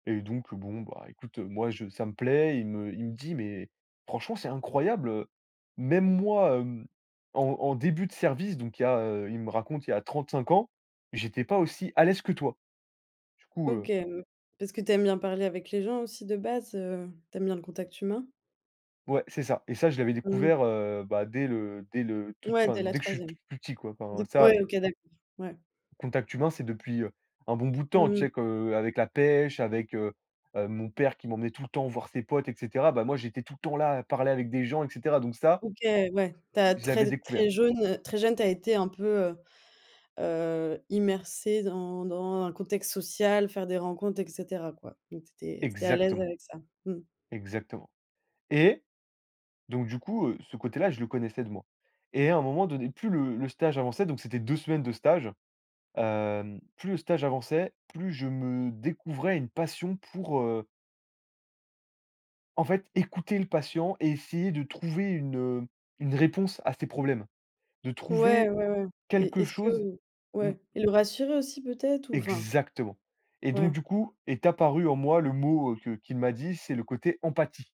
Et donc, bon bah écoute moi je ça me plaît, il me il me dit: «Mais franchement c'est incroyable, heu, même moi, mmh, en en début de service, donc il y a» heu, il me raconte, il y a 35 ans: «J'étais pas aussi à l'aise que toi». Du coup, OK, heu mmh. Parce que tu aimes bien parler avec les gens aussi de base, heu, tu aimes bien le contact humain? Ouais c'est ça et ça je l'avais Mmh. découvert, heu, bah dès le dès le, toute Ouais, fin dès la dès que je suis 3e. plus petit, quoi. Enfin Du coup ça OK, d'accord. Ouais. Contact humain c'est depuis, heu, un bon bout de temps, Mmh. tu sais qu'avec la pêche, avec, heu heu, mon père qui m'emmenait tout le temps voir ses potes et cetera. Bah moi, j'étais tout le temps là à parler avec des gens et cetera. Donc ça, OK, ouais. Tu as je l'avais très découvert. très jaune très jeune tu as été un peu, heu heu, immergé dans dans un contexte social, faire des rencontres et cetera, quoi. Donc, tu étais tu étais à l'aise Exactement. avec ça. Mmh. Exactement et donc du coup, heu, ce côté-là, je le connaissais de moi et à un moment donné, plus le le stage avançait, donc c'était 2 semaines de stage. Hem, plus le stage avançait, plus je me découvrais une passion pour, heu en fait, écouter le patient et essayer de trouver une, heu, une réponse à ses problèmes, de Ouais, trouver ouais, ouais et et quelque est-ce chose, que mmh ouais et le rassurer aussi peut-être ou enfin? Exactement et donc Ouais. du coup, est apparu en moi le mot que qu'il m'a dit, c'est le côté «empathie».